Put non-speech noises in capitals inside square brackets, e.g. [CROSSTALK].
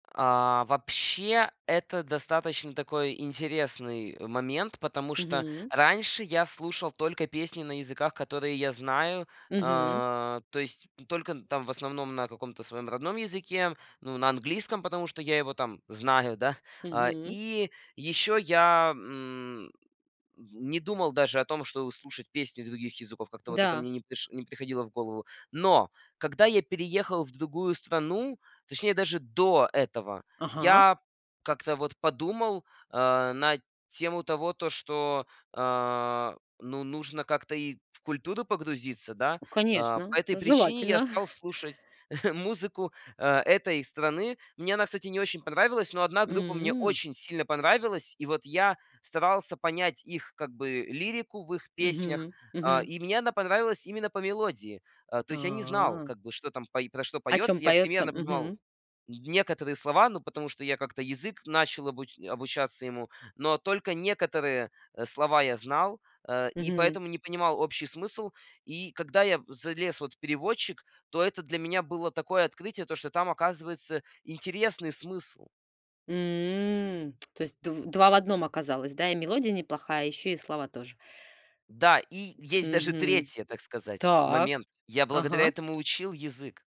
А, вообще, это достаточно такой интересный момент, потому что Мгм. раньше я слушал только песни на языках, которые я знаю. Мгм. Э, то есть только, н там в основном на каком-то своем родном языке, ну, на английском, потому что я его там знаю, да. А, Мгм. и еще я, м, м, не думал даже о том, чтобы слушать песни других языков, как-то вот это Да. мне не приш не приходило в голову. Но когда я переехал в другую страну, точнее даже до этого, Ага. я как-то вот подумал, э, на тему того, то, что, а, ну, нужно как-то и в культуру погрузиться, да. А, по Конечно, этой причине я желательно. стал [CHUCKLES] слушать [CHUCKLES] музыку, а, этой страны. Мне она, кстати, не очень понравилась, но одна группа мне М. очень сильно понравилась. И вот я старался понять их, как бы, лирику в их песнях, Мгм, а, мгм. и мне она понравилась именно по мелодии. А, то есть я не знал, А. как бы, что там пое про что О чём поется. Я поётся, примерно понимал мгм? н некоторые слова, ну, потому что я как-то язык начал обуч обучаться ему, но только некоторые, э, слова я знал, э, и Мгм. поэтому не понимал общий смысл. И когда я залез вот в переводчик, то это для меня было такое открытие, то, что там, оказывается, интересный смысл. М, то есть дв два в 1 оказалось, да? И мелодия неплохая, ещё и слова тоже. Да, и есть даже Мгм. 3, так сказать, Так. момент. Я благодаря Ага. этому учил язык.